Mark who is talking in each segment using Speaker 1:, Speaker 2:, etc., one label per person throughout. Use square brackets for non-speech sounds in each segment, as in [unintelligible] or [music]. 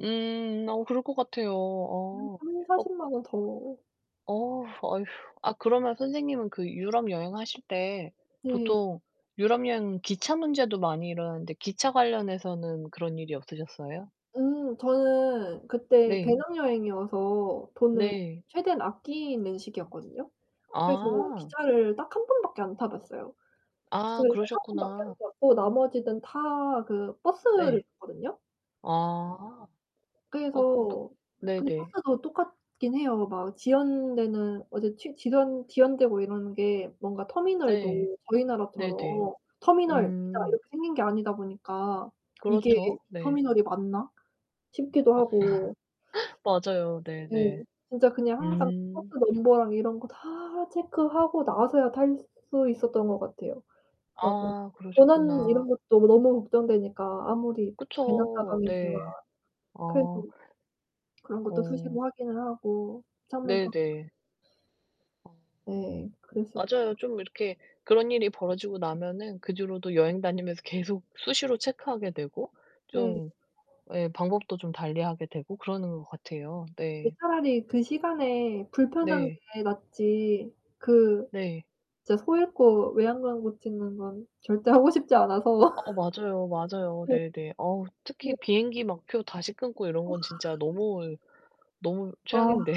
Speaker 1: 음. 어 그럴 것 같아요.
Speaker 2: 한
Speaker 1: 어. 어
Speaker 2: 3-400,000 원 더
Speaker 1: 어우 어휴. 아 그러면 선생님은 그 유럽 여행하실 때
Speaker 2: 네.
Speaker 1: 보통 유럽 여행은 기차 문제도 많이 일어나는데 기차 관련해서는 그런 일이 없으셨어요?
Speaker 2: 음 저는 그때
Speaker 1: 네.
Speaker 2: 배낭여행이어서 돈을
Speaker 1: 네.
Speaker 2: 최대한 아끼는 시기였거든요. 그래서
Speaker 1: 아.
Speaker 2: 기차를 딱 1 번밖에 안 타봤어요.
Speaker 1: 아
Speaker 2: 기차를 딱 1 번밖에 안
Speaker 1: 그러셨구나.
Speaker 2: 탔고 나머지는 다 그 버스를
Speaker 1: 네.
Speaker 2: 탔거든요.
Speaker 1: 아. 어 그
Speaker 2: 그래서 근데
Speaker 1: 네네.
Speaker 2: 버스도 똑같기는 해요. 막 지연되는 어 저 지 지연 지연되고 이러는 게 뭔가
Speaker 1: 네.
Speaker 2: 터미널도 저희
Speaker 1: 네네.
Speaker 2: 나라처럼 '터미널.' 딱
Speaker 1: 음.
Speaker 2: 이렇게 생긴 게 아니다 보니까' 이게
Speaker 1: 그렇죠. 네.
Speaker 2: 터미널이 맞나?' 싶기도
Speaker 1: 아
Speaker 2: 하고
Speaker 1: [laughs] 맞아요.
Speaker 2: 예.
Speaker 1: 네네.
Speaker 2: 진짜 그냥 항상 버스
Speaker 1: 음.
Speaker 2: 넘버랑 이런 거 다 체크하고 나서야 탈 수 있었던 것 같아요. 막 뭐
Speaker 1: 아
Speaker 2: 도난
Speaker 1: 그러셨구나.
Speaker 2: 이런 것도 너무 걱정되니까 아무리 배낭
Speaker 1: 그쵸.
Speaker 2: 가방이지만
Speaker 1: 네.
Speaker 2: 그래도
Speaker 1: 아.
Speaker 2: 그런 것도 수시로
Speaker 1: 어.
Speaker 2: 확인을 하고 창문 밖
Speaker 1: 네네. 어.
Speaker 2: 네. 그래서
Speaker 1: 맞아요. 좀 이렇게 그런 일이 벌어지고 나면은 그 뒤로도 여행 다니면서 계속 수시로 체크하게 되고
Speaker 2: 네.
Speaker 1: 좀 예 방법도 좀 달리하게 되고 그러는 것 같아요.
Speaker 2: 네.
Speaker 1: 네.
Speaker 2: 차라리 그 시간에 불편한
Speaker 1: 네.
Speaker 2: 게 낫지 그
Speaker 1: 네.
Speaker 2: 진짜 소 잃고 외양간 고치는 건 절대 하고 싶지 않아서
Speaker 1: 아
Speaker 2: [laughs]
Speaker 1: 맞아요, 맞아요.
Speaker 2: 네.
Speaker 1: 네네. 어
Speaker 2: 네.
Speaker 1: 특히 비행기 막 표 다시 끊고 이런
Speaker 2: 와.
Speaker 1: 건 진짜 너무 너무
Speaker 2: 와.
Speaker 1: 최악인데요.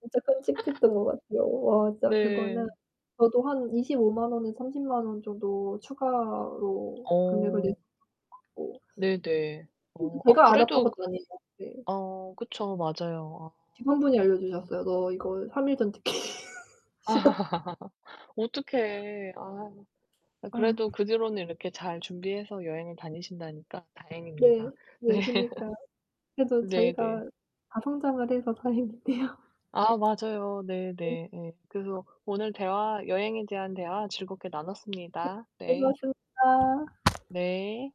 Speaker 2: 진짜 끔찍했던 것 같아요. 와 진짜 그거는
Speaker 1: 네.
Speaker 2: 저도 한 250,000 원에서 300,000 원 정도 추가로 금액을 냈
Speaker 1: 어.
Speaker 2: 것 같고
Speaker 1: 네네. 어.
Speaker 2: [unintelligible]
Speaker 1: 아
Speaker 2: 제가 알았던
Speaker 1: 그래도
Speaker 2: 것도 아니고 네.
Speaker 1: 어 그쵸. 맞아요. 아.
Speaker 2: 직원분이 알려주셨어요. "너 이거 3 일 전 티켓이다."
Speaker 1: [laughs] 어떡해. 아유. 아 그래도
Speaker 2: 아.
Speaker 1: 그 뒤로는 이렇게 잘 준비해서 여행을 다니신다니까
Speaker 2: 네,
Speaker 1: 다행입니다. 네.
Speaker 2: 네. 그니까. 그래도
Speaker 1: 네네.
Speaker 2: 저희가 다 성장을 해서 다행이네요.
Speaker 1: 아 맞아요. 네
Speaker 2: 네.
Speaker 1: 네 네. 그래서 오늘 대화 여행에 대한 대화 즐겁게 나눴습니다. 네.
Speaker 2: 수고하셨 다.
Speaker 1: 네.